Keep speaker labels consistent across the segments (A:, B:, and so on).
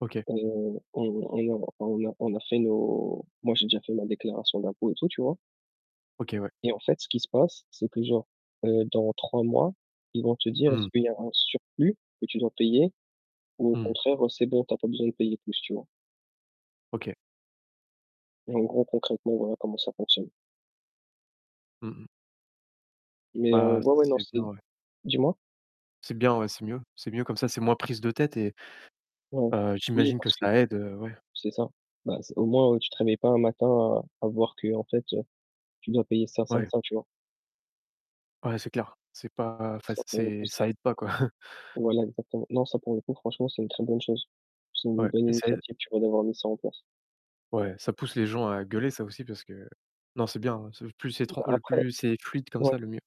A: OK.
B: Heu, [unintelligible] on on a on on a fait nos moi, j'ai déjà fait ma déclaration d'impôts et tout, tu vois?
A: OK, ouais.
B: Et en fait ce qui se passe, c'est que, genre, heu, dans 3 mois, ils vont te dire est-ce
A: Mmh.
B: qu'il y aura un surplus que tu dois payer ou au
A: Mmh.
B: contraire, heu, c'est bon tu as pas besoin de payer plus, tu vois?
A: OK.
B: Et en gros, concrètement, voilà comment ça fonctionne.
A: Mmh mh.
B: Mais heu,
A: Bah, ça
B: ouais, ouais, non,
A: c'est bien,
B: c'est
A: ouais.
B: dis-moi?
A: C'est bien, ouais, c'est mieux. C'est mieux comme ça, c'est moins prise de tête et,
B: Ouais.
A: heu
B: Oui
A: j'imagine que
B: parce que
A: ça aide, heu, ouais.
B: c'est ça. Bah, c au moins heu, tu te réveilles pas un matin à à voir qu'en fait, heu, tu dois payer ça, ça et
A: Ouais.
B: ça, tu vois?
A: Ouais, c'est clair. C'est pas,
B: Donc
A: enfin,
B: ça pour le coup
A: c'est
B: c'est
A: ça aide pas, quoi.
B: Voilà, exactement. Non, ça, pour le coup, franchement c'est une très bonne chose. C'est une
A: Ouais,
B: bonne
A: et ça aide
B: initiative, tu vois, d'avoir mis ça en place.
A: Ouais, ça pousse les gens à gueuler ça aussi, parce que heu non, c'est bien, hein, c'est plus c'est tr
B: Bah,
A: le
B: après
A: plus c'est fluide comme
B: ouais.
A: ça, le mieux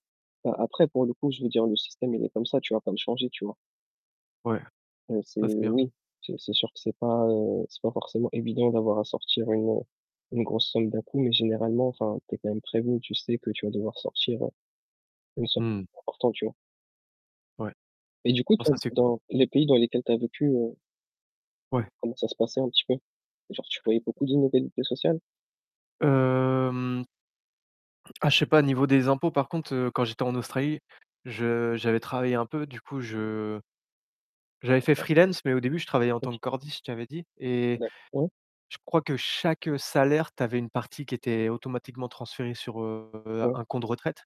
B: Bah, après, pour le coup, je veux dire le système, il est comme ça, tu vas pas le changer, tu vois?
A: Ouais.
B: Heu, c'est
A: Ouais, c'est bien.
B: oui, c'est c'est sûr que c'est pas, heu c'est pas forcément évident d'avoir à sortir une heu une grosse somme d'un coup mais généralement enfin tu es quand même prévenu, tu sais que tu vas devoir sortir heu, une somme
A: Mmh.
B: [unintelligible] importante, tu vois?
A: Ouais,
B: Et du coup,
A: oh, ça
B: toi,
A: c'est cool.
B: dans les pays dans lesquels tu as vécu, heu
A: Ouais.
B: comment ça se passait un petit peu? Genre, tu voyais beaucoup d'inégalités sociales?
A: Hem Ah je sais pas. Au niveau des impôts par contre, heu, quand j'étais en Australie, je j'avais travaillé un peu. Du coup, je j'avais fait
B: D'accord.
A: freelance, mais au début, je travaillais en tant
B: OK.
A: que cordiste, je t'avais dit. Et,
B: [unintelligible]
A: je crois que chaque, heu, salaire, tu avais une partie qui était automatiquement transférée sur, heu,
B: Ouais.
A: un compte retraite.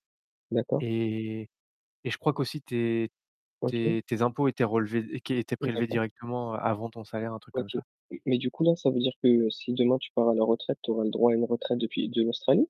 B: D'accord.
A: Et et et je crois qu'aussi tes
B: OK.
A: tes tes impôts étaient relevés et qu'é étaient
B: Oui.
A: prélevés
B: D'accord.
A: directement, heu, avant ton salaire, un truc comme
B: OK.
A: ça.
B: M mais du coup, là, ça veut dire que, si demain tu pars à la retraite, tu auras le droit à une retraite depuis de l'Australie?